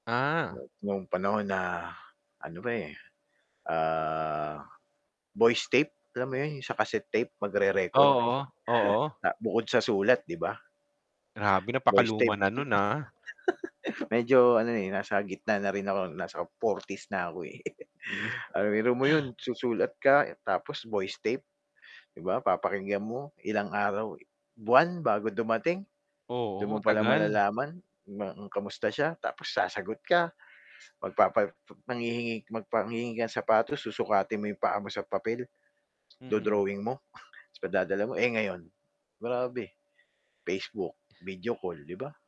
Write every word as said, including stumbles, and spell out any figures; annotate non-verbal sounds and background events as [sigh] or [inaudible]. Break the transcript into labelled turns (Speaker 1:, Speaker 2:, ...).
Speaker 1: Ah.
Speaker 2: No'ng panahon na ano pa, eh, ah, voice tape, alam mo 'yon sa cassette tape magre-record.
Speaker 1: Oo,
Speaker 2: [chuckles]
Speaker 1: oo.
Speaker 2: Ah, bukod sa sulat, 'di ba?
Speaker 1: Grabe
Speaker 2: voice
Speaker 1: napakaluma
Speaker 2: tape.
Speaker 1: na no'n, ah.
Speaker 2: [chuckles] Medyo ano, eh, nasa gitna na rin ako, nasa forties na ako, eh.
Speaker 1: Hmm.
Speaker 2: [chuckles] Ah, biro mo 'yon, susulat ka tapos voice tape, 'di ba, papakinggan mo, ilang araw buwan bago dumating. Do'n mo
Speaker 1: Oo,
Speaker 2: palang
Speaker 1: tagal.
Speaker 2: malalaman na kung kamusta siya. Tapos sasagot ka magpapa manghihingi magpa hihingi ka sapatos, susukatin mo 'yong paa mo sa papel,
Speaker 1: Mm.
Speaker 2: do-drawing mo, 'tas padadala mo. Eh, ngayon, grabe, Facebook, video call, 'di ba?